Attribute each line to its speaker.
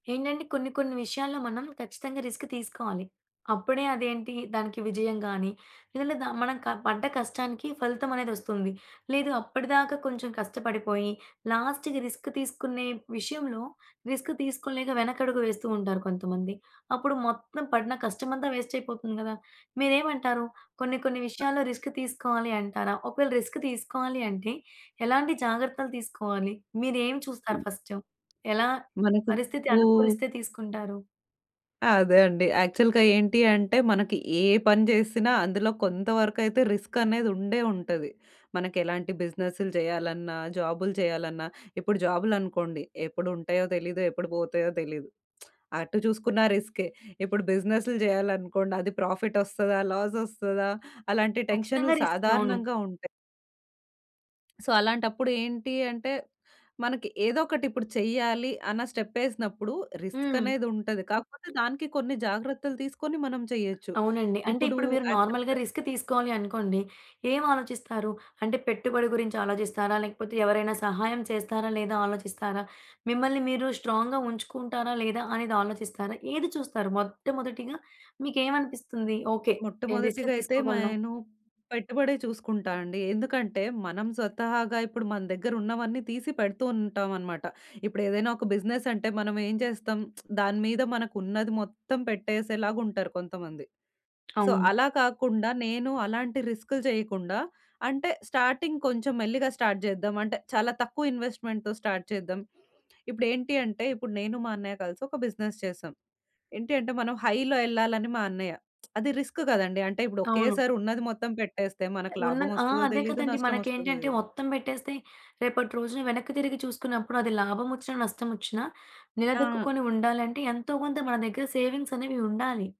Speaker 1: ఏంటండి, కొన్ని కొన్ని విషయాల్లో మనం ఖచ్చితంగా రిస్క్ తీసుకోవాలి. అప్పుడే అదేంటి, దానికి విజయం గానీ, లేదంటే ద మనం క పడ్డ కష్టానికి ఫలితమనేదొస్తుంది, లేదు అప్పడి దాకా కొంచెం కష్టపడిపోయి, లాస్ట్‌కి రిస్క్ తీసుకునే విషయంలో రిస్క్ తీసుకోలేక వెనకడుగు వేస్తూ ఉంటారు కొంతమంది. అప్పుడు మొత్తం పడిన కష్టమంతా వేస్టయిపోతుంది గదా. మీరేమంటారు, కొన్ని కొన్ని విషయాల్లో రిస్క్ తీసుకోవాలి అంటారా? ఒకవేళ రిస్క్ తీసుకోవాలి అంటే ఎలాంటి జాగ్రత్తలు తీసుకోవాలి? మీరేమి చూస్తారు ఫస్ట్? ఎలా
Speaker 2: మనకి
Speaker 1: పరిస్థితి
Speaker 2: కూ
Speaker 1: అనుకూలిస్తే తీసుకుంటారు?
Speaker 2: అదే అండి. యాక్చువల్‌గా ఏంటి అంటే, మనకి ఏ పని జేసినా అందులో కొంత వరకయితే రిస్కనేది ఉండే ఉంటది. మనకెలాంటి బిజినెస్లు జెయ్యాలన్నా, జాబులు జెయ్యాలన్నా. ఇప్పుడు జాబులనుకోండి, ఎప్పుడుంటాయో తెలీదు, ఎప్పుడు బోతయో తెలీదు. అటు చూసుకున్న రిస్కే. ఇప్పుడు బిజినెస్లు జెయ్యాలనుకోండి, అది ప్రాఫిట్టొస్తదా, లాసొస్తదా, అలాంటి టెన్షన్లు
Speaker 1: ఖచ్చితంగా రిస్కే. అవును.
Speaker 2: సాధారణంగా ఉంటాయి. సో, అలాంటప్పుడు ఏంటి అంటే, మనకి ఏదోకటిప్పుడు చెయ్యాలి అన్న స్టెప్పేసినప్పుడు
Speaker 1: హ్మ్.
Speaker 2: రిస్కనేదుంటది. కాకపోతే, దానికీ కొన్ని జాగ్రత్తలు తీసుకొని మనం చెయ్యచ్చు.
Speaker 1: అవునండి. అంటే,
Speaker 2: ఇప్పుడూ
Speaker 1: ఇప్పుడు మీరు నార్మల్‌గా
Speaker 2: యాక్చువల్‌గా
Speaker 1: రిస్క్ తీసుకోవాలి అనుకోండి, ఏవాలోచిస్తారు? అంటే, పెట్టుబడి గురించి ఆలోజిస్తారా? లేకపోతే ఎవరైనా సహాయం చేస్తారా, లేదా ఆలోచిస్తారా? మిమ్మల్ని మీరు స్ట్రాంగ్‌గా ఉంచుకుంటారా, లేదా అనేది ఆలోచిస్తారా? ఏది చూస్తారు మొట్టమొదటిగా మీకేమనిపిస్తుంది, ఓకే. నేను రిస్క్
Speaker 2: మొట్టమొదటిగా అయితే మ
Speaker 1: తీసుకోగలనా?
Speaker 2: ఎను పెట్టుబడే చూసుకుంటా అండి. ఎందుకంటే, మనం స్వతహాగా ఇప్పుడు మన దగ్గరున్నవన్నీ తీసి పెడుతూ ఉంటామనమాట. ఇప్పుడేదైనా ఒక బిజినెసంటే మనమేం చేస్తాం, దాని మీద మనకున్నది మొత్తం పెట్టేసేలాగుంటరు కొంతమంది. సో,
Speaker 1: అవును.
Speaker 2: అలా కాకుండా నేను అలాంటి రిస్కులు చెయకుండా, అంటే, స్టార్టింగ్ కొంచెం మెల్లిగా స్టార్ట్ చేద్దాం. అంటే, చాలా తక్కువ ఇన్వెస్ట్‌మెంట్‌తో స్టార్ట్ చేద్దాం. ఇప్పుడేంటి అంటే, ఇప్పుడు నేను, మా అన్నయ్య కలిసి ఒక బిజినెస్ చేశాం. ఏంటి అంటే, మనం హై‌లో యెళ్ళాలని మా అన్నయ్య. అది రిస్క్ గదండీ. అంటే, ఇప్పుడు
Speaker 1: అవును.
Speaker 2: ఒకేసారి ఉన్నది మొత్తం పెట్టేస్తే మనకు
Speaker 1: ఉన్నది. ఆ!
Speaker 2: లాభమోస్తదో
Speaker 1: అదే
Speaker 2: తెలీదు,
Speaker 1: కదండీ.
Speaker 2: నష్టమోస్తదో
Speaker 1: మనకేంటంటే,
Speaker 2: దెలీదు.
Speaker 1: మొత్తం పెట్టేస్తే, రేపటి రోజున వెనక్కి తిరిగి చూసుకున్నప్పుడు, అది లాభమోచ్చిన, నష్టమోచ్చినా
Speaker 2: ఆ!
Speaker 1: నిలదొక్కుకొని ఉండాలంటే ఎంతో కొంత మన దెగ్గర సేవింగ్సనేవి ఉండాలి.